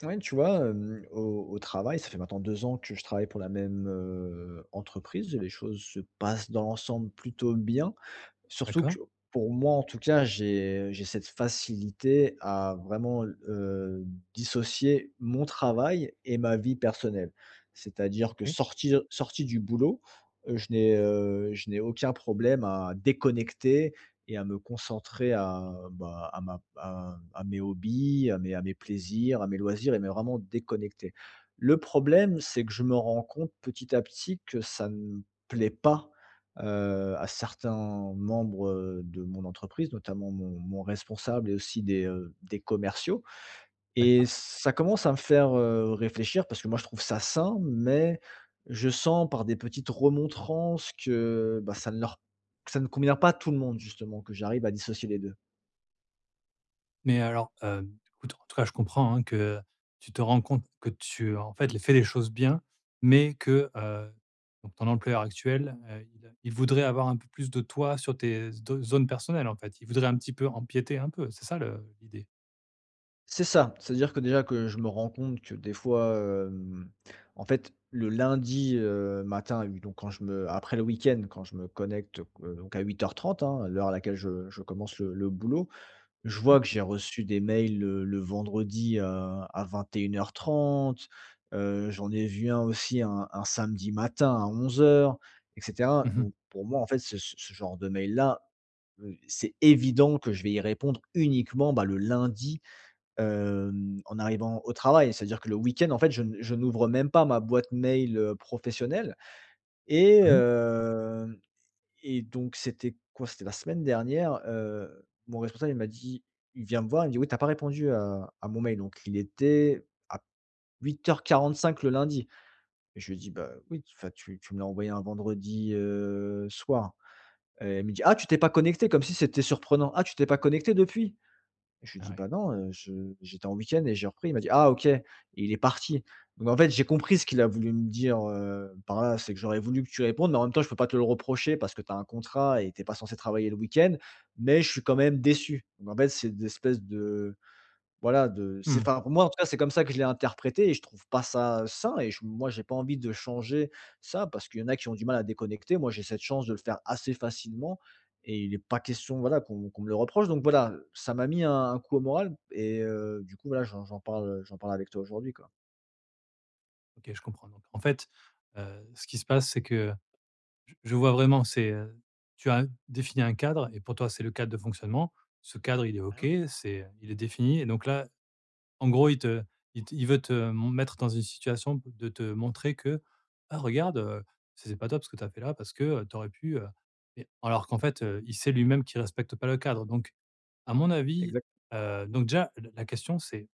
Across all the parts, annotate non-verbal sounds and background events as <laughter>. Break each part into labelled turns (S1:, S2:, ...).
S1: <unintelligible> Tu vois, hem, au au travail, ça fait maintenant 2 ans que je travaille pour la même, heu, entreprise. Les choses se passent dans l'ensemble plutôt bien. Surtout
S2: D'accord.
S1: que pour moi, en tout cas, j'ai j'ai cette facilité à vraiment l heu, dissocier mon travail et ma vie personnelle. C'est-à-dire que
S2: OK.
S1: sortir sorti du boulot, heu, je n'ai, heu, je n'ai aucun problème à déconnecter et à me concentrer à, bah, à ma p à m à mes hobbies, à mes à mes plaisirs, à mes loisirs et mais vraiment déconnecter. Le problème, c'est que je me rends compte, petit à petit, que ça ne plaît pas, heu, à certains membres, heu, de mon entreprise, notamment mon mon responsable et aussi des, heu, des commerciaux, et
S2: D'accord.
S1: ça commence à me faire, heu, réfléchir parce que moi je trouve ça sain, mais je sens par des petites remontrances que, bah, ça ne leur ça ne convient pas à tout le monde, justement, que j'arrive à dissocier les 2.
S2: Mais alors, hem, écoute, en tout cas je comprends hein, que tu te rends compte que tu en fait, les fais les choses bien, mais que, heu, donc ton employeur actuel, heu, il a il voudrait avoir un peu plus de toi sur tes z do zones personnelles en fait? Il voudrait un petit peu empiéter un peu, c'est ça le l'idée?
S1: C'est ça, c'est-à-dire que, déjà, que je me rends compte que, des fois, hem, en fait, le lundi, heu, matin, à huit donc quand je me après le week-end, quand je me connecte, qu donc à 08:30, hein, l'heure à laquelle je je commence le le le boulot, je
S2: Oui.
S1: vois que j'ai reçu des mails le le vendredi, à à 21:30. Heu, j'en ai vu un aussi un un samedi matin à 11:00, et cetera.
S2: Mmh mh.
S1: Donc pour moi, en fait, ce ce ce genre de mails-là, heu, c'est évident que je vais y répondre uniquement, bah, le lundi, hem, en arrivant au travail. C'est-à-dire que le week-end, en fait, je n je n'ouvre même pas ma boîte mail, heu, professionnelle et
S2: Mmh mh.
S1: hem et donc c'était quoi? C'était la semaine dernière, heu, mon responsable, il m'a dit il vient me voir, il me dit: «Oui, tu as pas répondu à à mon mail». Donc il était à p 08:45 le lundi. Je lui dis: «Bah, oui, enfin, tu tu me l'as envoyé un vendredi, heu, soir» et il me dit: «Ah, tu t'es pas connecté?» Comme si c'était surprenant! «Ah, tu t'es pas connecté depuis?» Je lui
S2: Ah,
S1: dis:
S2: ouais.
S1: «Bah, non, heu, je j'étais en week-end et j'ai repris». Il m'a dit: «Ah, OK!» et il est parti. Donc en fait, j'ai compris ce qu'il a voulu me dire, heu, par là. «C'est que j'aurais voulu que tu répondes, mais en même temps, je peux pas te le reprocher parce que tu as un contrat et tu es pas censé travailler le week-end, mais je suis quand même déçu». Donc en fait, c'est d'espèce de, voilà, de c'est
S2: Mmh.
S1: enfin, pour moi, en tout cas, c'est comme ça que je l'ai interprété, et je trouve pas ça, heu, sain et j moi j'ai pas envie de changer ça parce qu'il y en a qui ont du mal à déconnecter. Moi, j'ai cette chance de le faire assez facilement et il est pas question, voilà, qu'on qu'on me le reproche. Donc voilà, ça m'a mis un un coup au moral et heu, du coup, voilà, j'en parle j'en parle, heu, j'en parle avec toi aujourd'hui, quoi.
S2: OK, je comprends. Donc en fait, heu, ce qui se passe, c'est que, j je vois vraiment, c'est, heu, tu as défini un cadre et pour toi c'est le cadre de fonctionnement. Ce cadre, il est OK,
S1: <unintelligible>
S2: c'est, heu, il est défini et donc là, en gros, il te il t il veut te mon mettre dans une situation de te montrer que: «Ah, regarde, heu, c c'est pas top ce que tu as fait là parce que, heu, tu aurais pu, heu» mais alors qu'en fait, heu, il sait, lui-même, qu'il respecte pas le cadre. Donc à mon avis,
S1: Exact.
S2: heu donc déjà, la la question, c'est: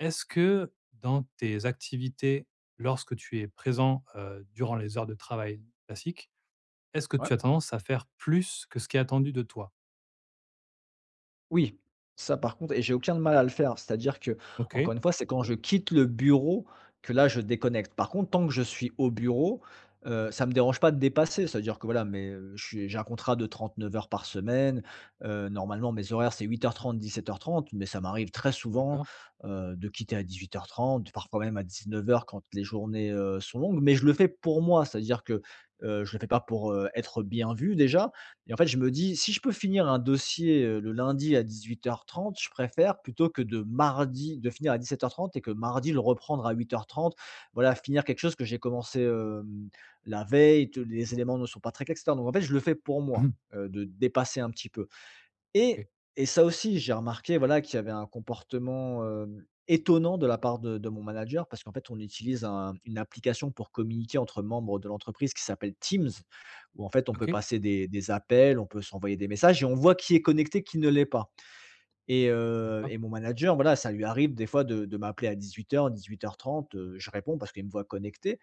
S2: «Est-ce que, dans tes activités, lorsque tu es présent, heu, durant les heures de travail classiques, est-ce que
S1: Ouais.
S2: tu as tendance à faire plus que ce qui est attendu de toi?»
S1: Oui, ça, par contre et j'ai aucun de mal à le faire. C'est-à-dire
S2: OK.
S1: qu'encore une fois, c'est quand je quitte le bureau que là, je déconnecte. Par contre, tant que je suis au bureau, heu, ça me dérange pas de dépasser. C'est-à-dire que, voilà, mes heu, je suis j'ai un contrat de 39 heures par semaine. Heu, normalement, mes horaires, c'est 08:30, 17:30 mais ça m'arrive très souvent,
S2: D'accord.
S1: heu, de quitter à 18:30, parfois même à 19:00 quand les journées, heu, sont longues. Mais je le fais pour moi, c'est-à-dire que, heu, je le fais pas pour, heu, être bien vu déjà. Mais en fait, je me dis: «Si je peux finir un dossier, heu, le lundi à 18:30, je préfère plutôt que de mardi, de finir à 17:30 et que mardi, le reprendre à 08:30». Voilà, finir quelque chose que j'ai commencé, hem, la veille, tous les éléments ne sont pas traités et cetera. Donc en fait, je le fais pour
S2: Mmh
S1: moi,
S2: mh.
S1: heu, de dépasser un petit peu. Et
S2: OK.
S1: et ça aussi, j'ai remarqué, voilà, qu'il y avait un comportement, hem, étonnant de la part de de mon manager parce qu'en fait, on utilise un une application pour communiquer entre membres de l'entreprise qui s'appelle Teams, où en fait, on peut
S2: OK.
S1: passer des des appels. On peut s'envoyer des messages et on voit qui est connecté, qui ne l'est pas. Et heu,
S2: D'accord.
S1: et mon manager, voilà, ça lui arrive, des fois, de de m'appeler à 18:00 18:30. Heu, je réponds parce qu'il me voit connecté.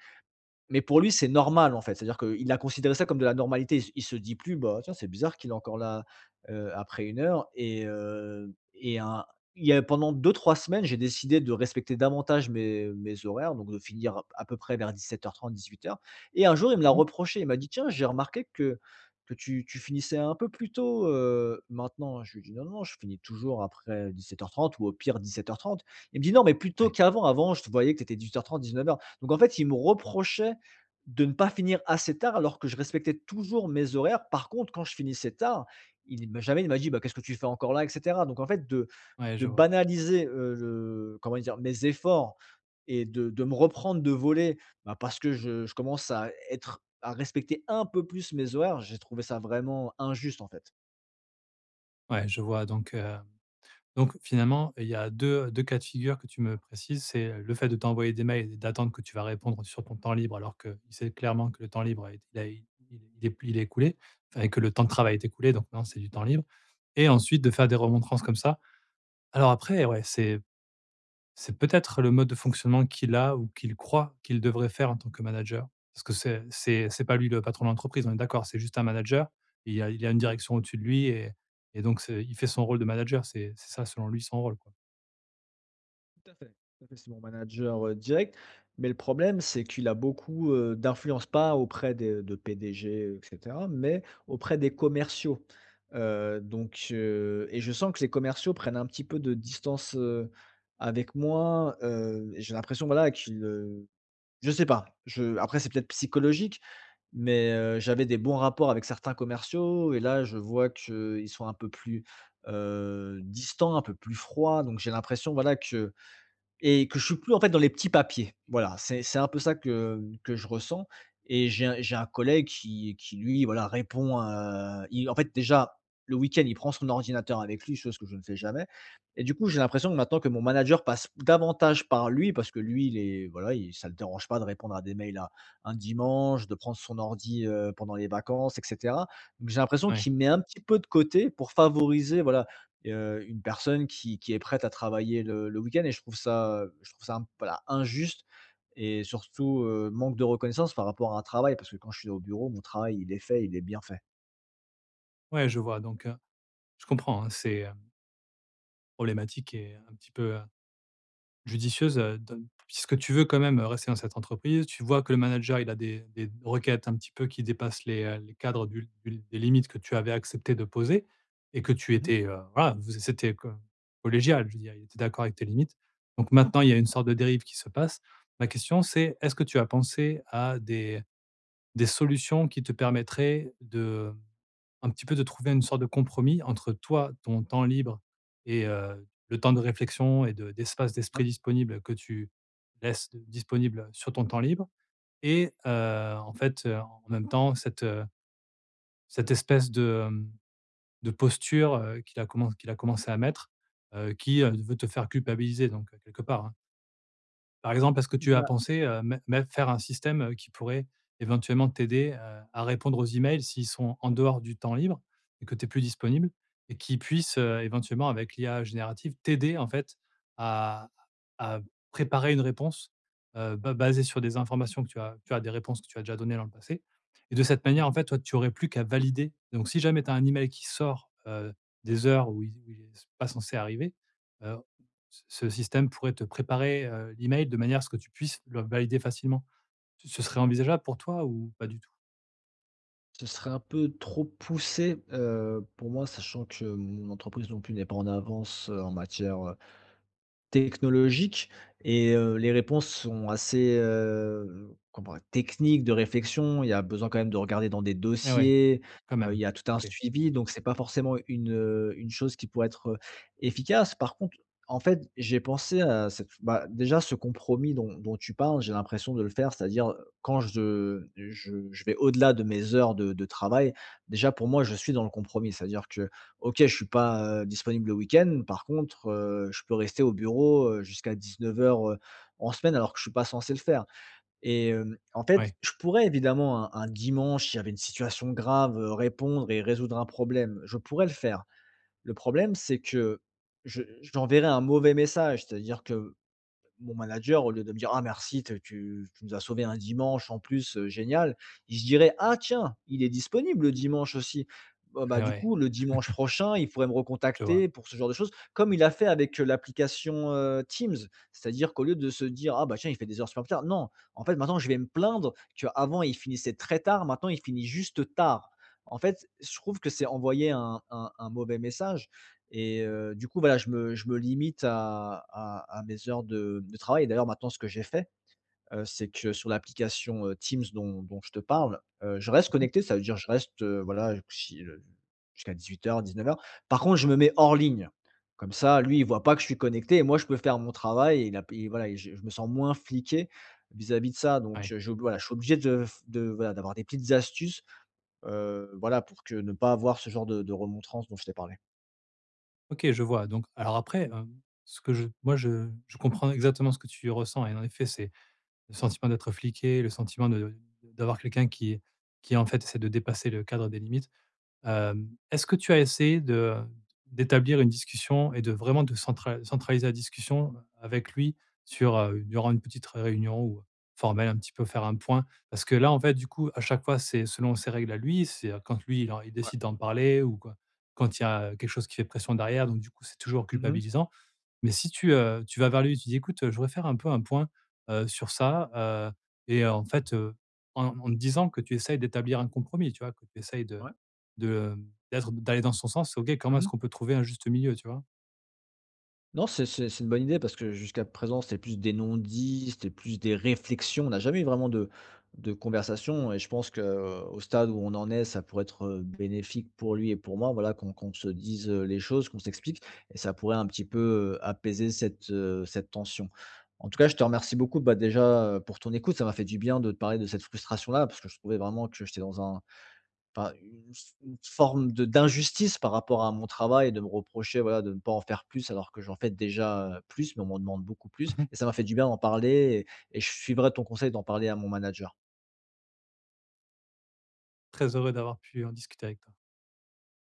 S1: Mais pour lui, c'est normal. En fait, c'est-à-dire qu'il a considéré ça comme de la normalité. il se Il se dit plus: «Bah, tiens, c'est bizarre qu'il est encore là, heu, après 1 heure». Et heu et il y a il y a pendant 2-3 semaines, j'ai décidé de respecter davantage mes mes horaires donc de finir p à peu près vers 17:30 18:00. Et un jour, il me l'a
S2: Mmh mh.
S1: reproché. Il m'a dit: «Tiens, j'ai remarqué que que tu tu finissais un peu plus tôt, heu, maintenant», je lui dis: «Non, non, je finis toujours après 17:30 ou au pire 17:30». Il me dit: «Non mais plus tôt
S2: Ouais.
S1: qu'avant. Avant, je te voyais que tu étais 18:30, 19:00». Donc en fait, il me reprochait de ne pas finir assez tard alors que je respectais toujours mes horaires. Par contre, quand je finissais tard, il m'a jamais il m'a dit: «Bah, qu'est-ce que tu fais encore là?» et cetera. Donc en fait, de
S2: Ouais, je
S1: de
S2: vois.
S1: banaliser, heu, le comment dire? Mes efforts et de de me reprendre de volée, bah, parce que je je commence à être à respecter un peu plus mes horaires. J'ai trouvé ça vraiment injuste, en fait.
S2: Ouais, je vois. Donc, hem, donc finalement, il y a 2- 2 cas de figure que tu me précises. C'est le fait de t'envoyer des mails et d'attendre que tu vas répondre sur ton temps libre, alors qu'il sait clairement que le temps libre, a été il a i il est il est p il est écoulé, enfin, que le temps de travail est écoulé. Donc non, c'est du temps libre, et ensuite, de faire des remontrances comme ça. Alors après, ouais, c'est c'est peut-être le mode de fonctionnement qu'il a, ou qu'il croit qu'il devrait faire en tant que manager. Parce que c'est c'est c'est pas lui le patron de l'entreprise, on est d'accord? C'est juste un manager, et il y a il y a une
S1: Exactement.
S2: direction au-dessus de lui et et donc, c'est il fait son rôle de manager. C'est c'est ça, selon lui, son rôle, quoi?
S1: Tout à fait. Tout à fait, c'est mon manager, heu, direct, mais le problème, c'est qu'il a beaucoup, heu, d'influence. Pas auprès des, heu de PDG, heu, et cetera, mais auprès des commerciaux. Heu, donc heu et je sens que les commerciaux prennent un petit peu de distance, heu, avec moi, heu, et j'ai l'impression, voilà, qu'ils, heu je sais pas. Je après, c'est peut-être psychologique, mais heu, j'avais des bons rapports avec certains commerciaux, et là, je vois qu'ils sont un peu plus, heu, distants, un peu plus froid. Donc, j'ai l'impression, voilà, que et que je suis plus, en fait, dans les petits papiers. Voilà, c'est c'est un peu ça que que je ressens, et j'ai un j'ai un collègue qui qui lui, voilà, répond, heu il en fait, déjà, le week-end, il prend son ordinateur avec lui, chose que je ne fais jamais, et du coup, j'ai l'impression que maintenant que mon manager passe davantage par lui, parce que lui, il est voilà, il ça le dérange pas de répondre à des mails à un dimanche, de prendre son ordi, heu, pendant les vacances, et cetera. Donc, j'ai l'impression
S2: Ouais.
S1: qu'il me met un petit peu de côté pour favoriser voilà, heu, une personne qui qui est prête à travailler, le le week-end, et je trouve ça, heu, je trouve ça un p voilà, injuste, et surtout, heu, manque de reconnaissance par rapport à un travail, parce que quand je suis au bureau, mon travail, il est fait, il est bien fait.
S2: Ouais, je vois. Donc, heu je comprends hein, c'est, hem problématique et un petit peu, heu, judicieuse, heu, don puisque tu veux quand même, heu, rester dans cette entreprise, tu vois que le manager il a des des d requêtes, un petit peu, qui dépassent les, heu, les cadres du l du l des limites que tu avais accepté de poser, et que tu
S1: Mmh mh.
S2: étais, heu voilà, vous c c'était co collégial. Je veux dire: «il était d'accord avec tes limites». Donc maintenant, il y a une sorte de dérive qui se passe. La question c'est est-ce que tu as pensé à des des solutions qui te permettraient d'un petit peu de trouver une sorte de compromis entre toi, ton temps libre et, heu, le temps de réflexion et de d'espace
S1: Ouais.
S2: d'esprit disponible que tu laisses disponibles sur ton temps libre? Et, heu, en fait, heu, en en même temps cette, heu cette espèce de, hem, de posture, heu, qu'il a commenc qu'il a commencé à mettre, heu, qui,
S1: Oui.
S2: heu, veut te faire culpabiliser, donc, quelque part, hein. Par exemple, est-ce que tu as
S1: Bah
S2: pensé, heu, mett mett faire un système, heu, qui pourrait éventuellement t'aider, heu, à répondre aux emails, s'ils sont en dehors du temps libre, et que tu es plus disponible, et qui puisse, heu, éventuellement, avec l'IA générative, t'aider, en fait, à à préparer une réponse, heu, ba basée sur des informations que tu as tu as des réponses que tu as déjà données dans le passé? Et de cette
S1: Mmh
S2: manière, en
S1: mh.
S2: fait, toi, tu aurais plus qu'à valider. Donc, si jamais tu as un email qui sort, heu, des heures où il z où il est s pas censé arriver, heu, ce ce système pourrait te préparer, heu, l'email de manière à ce que tu puisses le valider facilement. Tu ce serait envisageable pour toi ou pas du tout?
S1: Ce serait un peu trop poussé, heu, pour moi, sachant que mon entreprise non plus n'est pas en avance, heu, en matière, heu, technologique. Et heu, les réponses sont assez, heu, comment, techniques de réflexion. Il y a besoin quand même de regarder dans des
S2: Eh ouais,
S1: dossiers.
S2: quand
S1: Heu,
S2: même,
S1: il y a tout un
S2: OK.
S1: suivi, donc c'est pas forcément une, heu, une chose qui pourrait être, heu, efficace. Par contre, en fait, j'ai pensé à cette bah déjà, ce compromis dont dont tu parles, j'ai l'impression de le faire. C'est-à-dire, heu, quand je je je vais au-delà de mes heures de de travail, déjà, pour moi, je suis dans le compromis. C'est-à-dire que, OK, je suis pas, heu, disponible le week-end. Par contre, heu, je peux rester au bureau, heu, jusqu'à 19:00, heu, en semaine, alors que je suis pas censé le faire. Et heu, en
S2: Ouais.
S1: fait, je pourrais évidemment, un un dimanche, s'il y avait une situation grave, heu, répondre et résoudre un problème. Je pourrais le faire. Le problème, c'est que je j'enverrais un mauvais message. C'est-à-dire que, mon manager au lieu de me dire: «Ah merci tu as tu tu nous as sauvés un dimanche, en plus. Heu, génial.» Il se dirait: «Ah tiens! Il est disponible le dimanche aussi!» Bon,
S2: Eh
S1: bah, du
S2: ouais.
S1: coup le dimanche
S2: <chuckles>
S1: prochain, il pourrait me
S2: Je vois.
S1: recontacter pour ce genre de choses, comme il a fait avec, heu, l'application, heu, Teams. C'est à dire qu'au lieu de se dire: «Ah bah tiens, il fait des heures supplémentaires», non! En fait, maintenant, je vais me plaindre qu'avant, il finissait très tard, maintenant, il finit juste tard. En fait, je trouve que c'est envoyé un un un mauvais message. Et
S2: Oui.
S1: heu, du coup, voilà, je me je me limite à à à mes heures de de travail. D'ailleurs, maintenant, ce que j'ai fait, heu, c'est que, sur l'application, heu, Teams dont dont je te parle, heu, je reste
S2: Mmh mh.
S1: connecté. Ça veut dire je reste, voilà, si heu, j jusqu'à 18:00, 19:00. Par contre, je me mets hors ligne. Comme ça, lui, il voit pas que je suis connecté et moi, je peux faire mon travail. Et la p et voilà, et je je me sens moins fliqué vis-à-vis de ça. Donc
S2: Ouais.
S1: heu, je, voilà, je suis obligé de f de voilà, d'avoir des petites astuces. Heu, voilà, pour que ne pas avoir ce genre de de remontrance dont je t'ai parlé.
S2: OK, je vois. Donc, alors après, hem, ce que je moi, je je comprends exactement ce que tu ressens. Et en effet, c'est le sentiment d'être fliqué, le sentiment de d'avoir quelqu'un qui qui, en fait, essaie de dépasser le cadre des limites. Hem, est-ce que tu as essayé de d'établir une discussion et de vraiment de centra centraliser la discussion avec lui sur, heu, durant une petite re réunion ou, heu, formelle? Un petit peu faire un point? Parce que là, en fait, du coup à chaque fois, c'est selon ses règles à lui. C'est heu, quand lui, il en il
S1: Ouais.
S2: décide d'en parler ou quoi, quand il y a quelque chose qui fait pression derrière. Donc du coup, c'est toujours
S1: Mmh mh.
S2: culpabilisant. Mais si tu, heu, tu vas vers lui, tu dis: «Écoute, heu, je voudrais faire un peu un point, heu, sur ça», heu et heu, en fait, heu, en en te disant que tu essayes d'établir un compromis, tu vois? Que tu essayes de
S1: Ouais.
S2: de d'être d'aller dans son sens. OK, comment
S1: Mmh
S2: est-ce
S1: mh.
S2: qu'on peut trouver un juste milieu, tu vois?
S1: Non, c'est c'est c'est une bonne idée parce que jusqu'à présent, c'est plus des non-dits, c'est plus des réflexions. On a jamais eu vraiment de de conversation et je pense qu'au stade où on en est ça pourrait être, heu, bénéfique pour lui et pour moi voilà qu'on qu'on se dise, heu, les choses qu'on s'explique. Et ça pourrait un petit peu, heu, apaiser cette, heu, cette tension. En tout cas, je te remercie beaucoup, bah déjà, heu, pour ton écoute. Ça m'a fait du bien de te parler de cette frustration là, parce que je trouvais vraiment que j'étais dans un pas une f une forme de d'injustice par rapport à mon travail, de me reprocher, voilà, de ne pas en faire plus, alors que j'en fais déjà, heu, plus mais on m'en demande beaucoup plus.
S2: Mmh mh.
S1: Et ça m'a fait du bien d'en parler et et je suivrai ton conseil d'en parler à mon manager.
S2: Très heureux d'avoir pu en discuter avec toi.